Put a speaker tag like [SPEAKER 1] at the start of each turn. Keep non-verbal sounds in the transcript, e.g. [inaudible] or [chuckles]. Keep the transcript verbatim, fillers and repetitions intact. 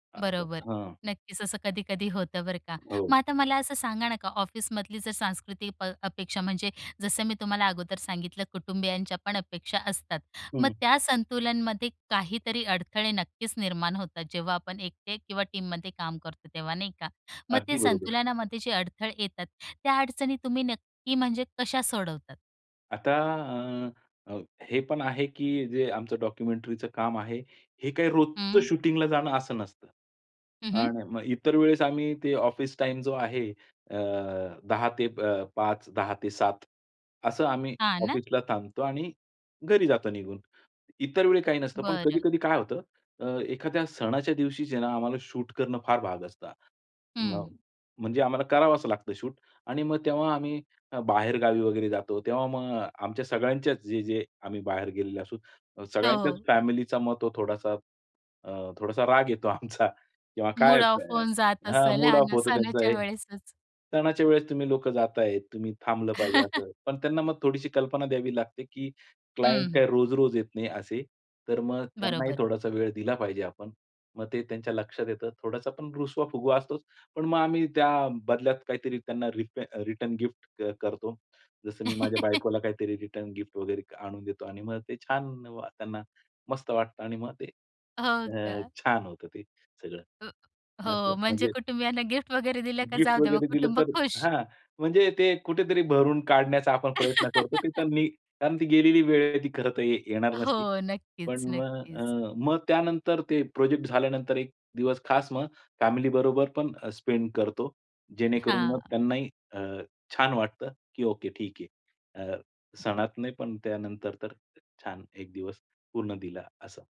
[SPEAKER 1] बरोबर,
[SPEAKER 2] हां.
[SPEAKER 1] नक्कीच असं कधी-कधी होतं बरं का. मग
[SPEAKER 2] हो.
[SPEAKER 1] आता मला असं सांगा नका, ऑफिसमधली जर सांस्कृतिक प अपेक्षा, म्हणजे जसं मी तुम्हाला अगोदर सांगितलं कुटुंबीयांच्या पण अपेक्षा असतात, मग
[SPEAKER 2] हं.
[SPEAKER 1] त्या संतुलनमध्ये काहीतरी अडथळे नक्कीच निर्माण होतात जेव्हा आपण एकटे किंवा टीममध्ये काम करतो तेव्हा, नाही का. मग
[SPEAKER 2] अगदी
[SPEAKER 1] ते
[SPEAKER 2] बरोबर.
[SPEAKER 1] संतुलनामध्ये जे अडथळे येतात, त्या अडचणी तुम्ही नक्की म्हणजे कशा सोडवतात?
[SPEAKER 2] आता अ, अ, हे पण आहे, की जे आमचं डॉक्युमेंटरीचं काम आहे, हे काही रोजचं
[SPEAKER 1] हं.
[SPEAKER 2] शूटिंगला जाणं असं नसतं
[SPEAKER 1] हं, हं.
[SPEAKER 2] आणि मग इतर वेळेस आम्ही ते ऑफिस टाईम जो आहे अ, दहा ते अ, पाच, दहा ते सात असं आम्ही
[SPEAKER 1] हां ना.
[SPEAKER 2] ऑफिसला थांबतो आणि घरी जातो निघून. इतर वेळी काही नसतं पण
[SPEAKER 1] बरं.
[SPEAKER 2] कधी-कधी काय होतं, अ, एखाद्या सणाच्या दिवशी जे आहे ना आम्हाला शूट करणं फार भाग असतं. मग
[SPEAKER 1] हं.
[SPEAKER 2] म्हणजे आम्हाला करावंच लागतं शूट आणि मग तेव्हा आम्ही अ, बाहेरगावी वगैरे जातो तेव्हा मग आमच्या सगळ्यांच्याच जे-जे आम्ही बाहेर गेलेले असू सगळ्यांच्याच
[SPEAKER 1] हो.
[SPEAKER 2] फॅमिलीचा मग तो थोडासा अ, थोडासा राग येतो आमचा किंवा काय
[SPEAKER 1] मूड ऑफ होऊन जात
[SPEAKER 2] हां,
[SPEAKER 1] असेल
[SPEAKER 2] मूड
[SPEAKER 1] हा
[SPEAKER 2] ऑफ
[SPEAKER 1] ना,
[SPEAKER 2] होतं त्यांचं
[SPEAKER 1] सणाच्या
[SPEAKER 2] हे.
[SPEAKER 1] वेळेसच.
[SPEAKER 2] सणाच्या वेळेस तुम्ही लोकं जाताय, तुम्ही थांबलं पाहिजे,
[SPEAKER 1] [chuckles]
[SPEAKER 2] असं पण त्यांना मग थोडीशी कल्पना द्यावी लागते, की क्लायंट
[SPEAKER 1] हं.
[SPEAKER 2] काय रोज-रोज येत नाही असे, तर मग त्यांनाही
[SPEAKER 1] बरोबर.
[SPEAKER 2] थोडासा वेळ दिला पाहिजे आपण, मग ते त्यांच्या लक्षात येतं. थोडासा पण रुसवा-फुगवा असतोच. पण मग आम्ही त्या बदल्यात काहीतरी त्यांना रीप रिटर्न गिफ्ट करतो. जसं मी माझ्या
[SPEAKER 1] [laughs]
[SPEAKER 2] बायकोला काहीतरी रिटर्न गिफ्ट वगैरे आणून देतो आणि मग ते छान त्यांना मस्त वाटतं आणि मग ते
[SPEAKER 1] हो
[SPEAKER 2] अ,
[SPEAKER 1] का?
[SPEAKER 2] छान होतं ते सगळं.
[SPEAKER 1] अ
[SPEAKER 2] असं
[SPEAKER 1] हो, म्हणजे
[SPEAKER 2] म्हणजे
[SPEAKER 1] कुटुंबियांना गिफ्ट वगैरे दिलं का
[SPEAKER 2] गिफ्ट
[SPEAKER 1] जाऊ द्या मग
[SPEAKER 2] वगैरे दिलं
[SPEAKER 1] कुटुंब
[SPEAKER 2] तर
[SPEAKER 1] खुश.
[SPEAKER 2] हां म्हणजे ते कुठेतरी भरून काढण्याचा आपण प्रयत्न करतो. ते
[SPEAKER 1] [laughs]
[SPEAKER 2] त्यांनी कारण ती गेलेली वेळ आहे ती खरं तर येणार नसती.
[SPEAKER 1] हो, नक्कीच,
[SPEAKER 2] पण मग
[SPEAKER 1] नक्कीच.
[SPEAKER 2] अ, मग त्यानंतर ते प्रोजेक्ट झाल्यानंतर एक दिवस खास मग फॅमिलीबरोबर पण स्पेंड करतो. जेणेकरून मग
[SPEAKER 1] हां.
[SPEAKER 2] त्यांनाही अ, छान वाटतं, की ओके ठीक आहे. अ, सणात नाही पण त्यानंतर तर छान एक दिवस पूर्ण दिला असं.